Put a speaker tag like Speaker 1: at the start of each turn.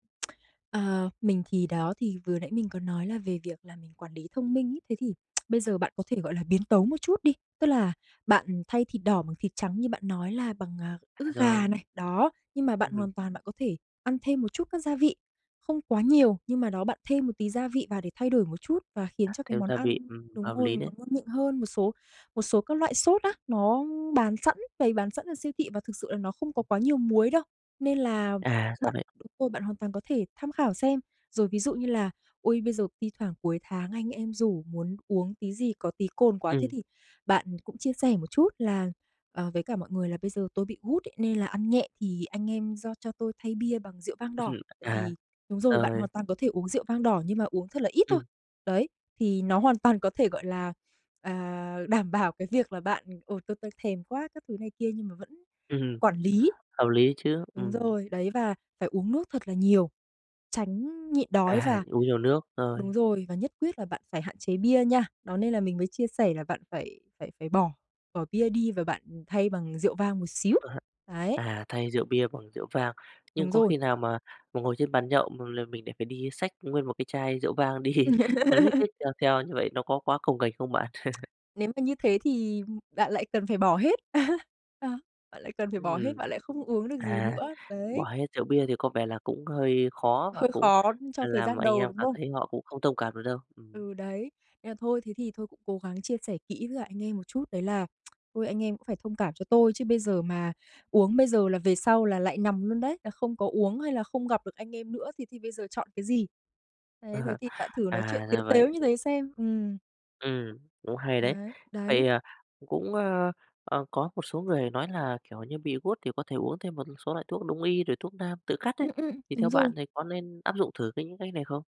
Speaker 1: Ờ, mình thì đó, thì vừa nãy mình có nói là về việc là mình quản lý thông minh ấy. Thế thì bây giờ bạn có thể gọi là biến tấu một chút đi, tức là bạn thay thịt đỏ bằng thịt trắng, như bạn nói là, bằng, à,
Speaker 2: À,
Speaker 1: ức gà
Speaker 2: rồi.
Speaker 1: này, đó. Nhưng mà bạn
Speaker 2: Ưm, ừm.
Speaker 1: hoàn toàn bạn có thể ăn thêm một chút các gia vị, không quá nhiều, nhưng mà đó bạn thêm một tí gia vị vào, để thay đổi một chút và
Speaker 2: À,
Speaker 1: khiến cho cái
Speaker 2: thêm
Speaker 1: món
Speaker 2: gia vị,
Speaker 1: ăn
Speaker 2: ừm,
Speaker 1: đúng
Speaker 2: hợp
Speaker 1: rồi,
Speaker 2: lý đấy!
Speaker 1: nó ngon miệng hơn. Một số một số các loại sốt á, nó bán sẵn, bày bán sẵn ở siêu thị, và thực sự là nó không có quá nhiều muối đâu, nên là
Speaker 2: À, ra
Speaker 1: bạn,
Speaker 2: vậy!
Speaker 1: ừ, bạn hoàn toàn có thể tham khảo xem. Rồi ví dụ như là, ôi, bây giờ thi thoảng cuối tháng anh em rủ muốn uống tí gì có tí cồn quá, thế
Speaker 2: Ừm.
Speaker 1: thì bạn cũng chia sẻ một chút là "Ờ, với cả mọi người là, bây giờ tôi bị gút ấy nên là ăn nhẹ, thì anh em do cho tôi thay bia bằng rượu vang đỏ." Tại
Speaker 2: À,
Speaker 1: vì, đúng rồi, bạn
Speaker 2: ơi.
Speaker 1: hoàn toàn có thể uống rượu vang đỏ, nhưng mà uống thật là ít thôi.
Speaker 2: Ừm.
Speaker 1: Đấy, thì nó hoàn toàn có thể gọi là, à, đảm bảo cái việc là bạn, ồ, tôi tôi thèm quá các thứ này kia, nhưng mà vẫn
Speaker 2: Ừm hừm,
Speaker 1: quản lý.
Speaker 2: hợp lý chứ!
Speaker 1: Đúng
Speaker 2: Ừm.
Speaker 1: rồi, đấy, và phải uống nước thật là nhiều, tránh nhịn đói
Speaker 2: À!
Speaker 1: và
Speaker 2: Uống nhiều nước, rồi.
Speaker 1: đúng rồi, và nhất quyết là bạn phải hạn chế bia nha. Đó nên là mình mới chia sẻ là bạn phải phải phải bỏ bỏ bia đi, và bạn, ừm, thay bằng rượu vang một xíu.
Speaker 2: Có hại.
Speaker 1: Đấy.
Speaker 2: À, thay rượu bia bằng rượu vang. Nhưng
Speaker 1: Đúng
Speaker 2: có
Speaker 1: rồi.
Speaker 2: khi nào mà mình ngồi trên bàn nhậu, mà là mình lại phải đi xách nguyên một cái chai rượu vang đi, a, lếch thếch đem theo như vậy nó có quá cồng kềnh không bạn?
Speaker 1: Nếu mà như thế thì, ừm, bạn lại cần phải bỏ hết. Đó, bạn lại cần phải bỏ hết,
Speaker 2: Ừm.
Speaker 1: bạn lại không uống được gì
Speaker 2: À,
Speaker 1: nữa,
Speaker 2: bỏ
Speaker 1: đấy.
Speaker 2: hết rượu bia thì có vẻ là cũng hơi khó, và
Speaker 1: Hơi
Speaker 2: cũng,
Speaker 1: khó cho
Speaker 2: à,
Speaker 1: thời
Speaker 2: làm
Speaker 1: gian
Speaker 2: anh
Speaker 1: đầu,
Speaker 2: em
Speaker 1: đúng
Speaker 2: cảm
Speaker 1: không?
Speaker 2: thấy họ cũng không thông cảm được đâu, ừm.
Speaker 1: Ừ, đấy. Nên là thôi, thế thì thôi cũng cố gắng chia sẻ kỹ với cả anh em một chút, đấy là "Thôi anh em cũng phải thông cảm cho tôi, chứ bây giờ mà uống bây giờ là về sau là lại nằm luôn đấy, là không có uống hay là không gặp được anh em nữa, thì thì bây giờ chọn cái gì?" Đấy, thế thì bạn thử nói chuyện
Speaker 2: À,
Speaker 1: tếu
Speaker 2: ra vậy.
Speaker 1: tếu như thế xem, ừm.
Speaker 2: Ừm, cũng hay đấy!
Speaker 1: Đấy,
Speaker 2: Vậy,
Speaker 1: đấy.
Speaker 2: à, c cũng, ơ, ờ, có một số người nói là kiểu như bị gút thì có thể uống thêm một số loại thuốc đông y, rồi thuốc nam tự cắt ấy,
Speaker 1: Ưm, ưm.
Speaker 2: thì theo
Speaker 1: Đúng
Speaker 2: bạn
Speaker 1: rồi.
Speaker 2: thì có nên áp dụng thử cái những cách này không?